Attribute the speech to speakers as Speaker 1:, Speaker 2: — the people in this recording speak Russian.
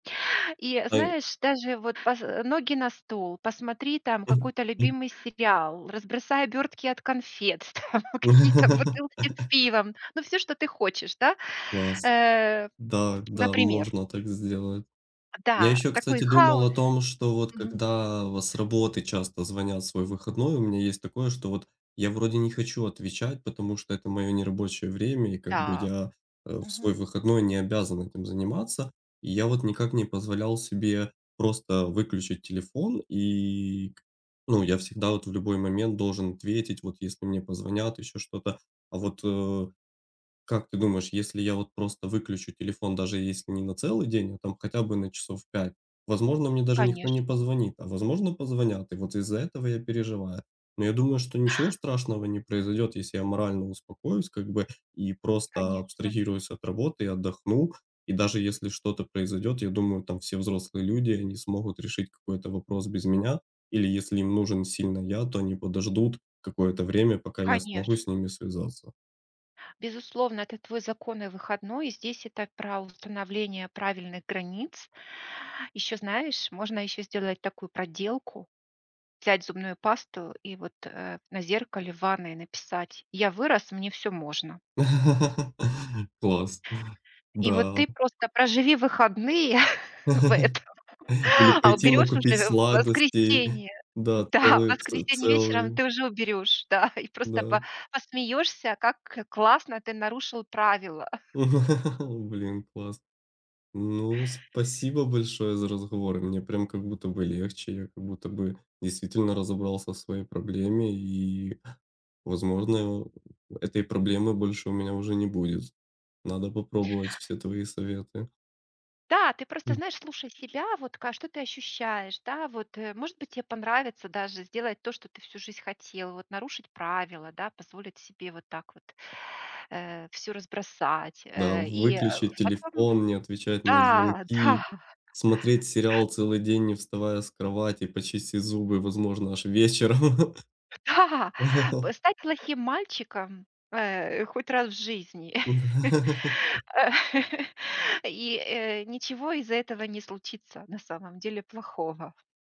Speaker 1: И, э,
Speaker 2: Да и
Speaker 1: знаешь, даже вот поз э, ноги на стол, посмотри там какой-то любимый сериал, разбросай обертки от конфет, там какие-то бутылки с пивом, ну всё, что ты хочешь да,
Speaker 2: Класс.
Speaker 1: э,
Speaker 2: Да, да,
Speaker 1: например.
Speaker 2: можно так сделать.
Speaker 1: А
Speaker 2: Я
Speaker 1: да,
Speaker 2: ещё,
Speaker 1: такой
Speaker 2: кстати, думал
Speaker 1: хаос
Speaker 2: о том, что вот
Speaker 1: Мгм.
Speaker 2: когда вот с работы часто звонят в свой выходной. У меня есть такое, что вот я вроде не хочу отвечать, потому что это мое нерабочее время и как бы
Speaker 1: Да.
Speaker 2: я э в
Speaker 1: Мгм.
Speaker 2: свой выходной не обязан этим заниматься. И я вот никак не позволял себе просто выключить телефон, и к ну, я всегда вот в любой момент должен ответить, вот если мне позвонят, ещё что-то. А вот, э, как ты думаешь, если я вот просто выключу телефон, даже если не на целый день, а там хотя бы на часов 5, возможно мне даже никто не
Speaker 1: Конечно.
Speaker 2: позвонит, а возможно позвонят. И вот из-за этого я переживаю. Но я думаю, что ничего страшного не произойдет, если я морально упокоюсь как бы и просто
Speaker 1: Конечно.
Speaker 2: абстрагируюсь от работы и отдохну. И даже если что-то произойдет, я думаю, там все взрослые люди и они смогут решить какой-то вопрос без меня, или если им нужен сильно я, то они подождут какое-то время, пока я смогу с
Speaker 1: Конечно.
Speaker 2: ними связаться.
Speaker 1: Безусловно, это твой законный выходной. И здесь это про установление правильных границ. Ещё знаешь, можно ещё сделать такую проделку: взять зубную пасту и вот, э, на зеркале в ванной написать: "Я вырос, мне всё можно".
Speaker 2: Класс.
Speaker 1: И вот
Speaker 2: Да.
Speaker 1: ты просто проживи выходные в этом,
Speaker 2: И
Speaker 1: а
Speaker 2: пойти
Speaker 1: уберёшь
Speaker 2: накупить
Speaker 1: уже в в
Speaker 2: сладостей.
Speaker 1: воскресенье.
Speaker 2: Да,
Speaker 1: Да, в
Speaker 2: целые ц
Speaker 1: воскресенье вечером
Speaker 2: целые
Speaker 1: ты уже уберёшь. Да, и просто па
Speaker 2: Да.
Speaker 1: посмеёшься, как классно ты нарушил правила.
Speaker 2: О, блин, класс! Ну, спасибо большое за разговор, мне прям как будто бы легче, я как будто бы действительно разобрался в своей проблеме и, возможно, э, этой проблемы больше у меня уже не будет. Надо попробовать все твои советы.
Speaker 1: Да, ты просто
Speaker 2: М.
Speaker 1: знаешь, слушай себя, вот ка что ты ощущаешь, да, вот, э. Может быть, те понравится даже сделать то, что ты всю жизнь хотел, вот нарушить правила, да, позволить себе вот так вот, э, всё разбросать.
Speaker 2: Да,
Speaker 1: Э, и, э, ф
Speaker 2: выключить
Speaker 1: потом
Speaker 2: телефон, не отвечать на
Speaker 1: Да, да.
Speaker 2: звонки, смотреть сериал целый день, не вставая с кровати, почистить зубы, возможно аж вечером.
Speaker 1: Да! П стать плохим мальчиком, э, хоть раз в жизни э, и, э, ничего из-за этого не случится, на самом деле, плохого.